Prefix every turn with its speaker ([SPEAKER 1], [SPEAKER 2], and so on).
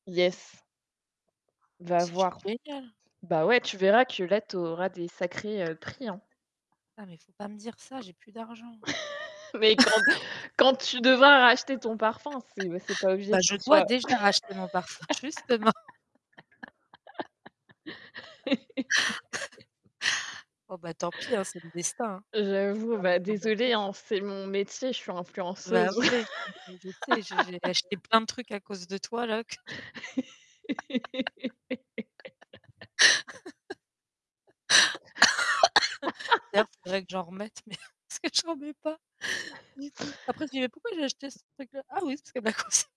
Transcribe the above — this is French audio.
[SPEAKER 1] Yes. Va
[SPEAKER 2] C'est
[SPEAKER 1] voir.
[SPEAKER 2] génial.
[SPEAKER 1] Bah ouais, tu verras que là, tu auras des sacrés, heu, prix, hein.
[SPEAKER 2] Ah mais faut pas me dire ça, j'ai plus d'argent.
[SPEAKER 1] Mais quand quand tu devras racheter ton parfum, c'est c'est pas obligé
[SPEAKER 2] Bah
[SPEAKER 1] que
[SPEAKER 2] je
[SPEAKER 1] ce
[SPEAKER 2] dois
[SPEAKER 1] soit
[SPEAKER 2] déjà racheter mon parfum justement. Bon, bah, tant pis, hein, c'est le destin,
[SPEAKER 1] J'avoue,
[SPEAKER 2] va falloir
[SPEAKER 1] va
[SPEAKER 2] que je m'en
[SPEAKER 1] désolée,
[SPEAKER 2] achète, hein.
[SPEAKER 1] hein, c'est mon métier, je suis
[SPEAKER 2] Bah
[SPEAKER 1] influenceuse.
[SPEAKER 2] ouais. Non mais je je sais, j'ai j'ai acheté plein de trucs à cause de toi, là que je D'ailleurs faudrait que j'en remette mais parce que j'en mets pas du tout. Après je dis: «Mais pourquoi j'ai acheté ce truc-là? Ah oui, c'est parce qu'elle me l'a conseil»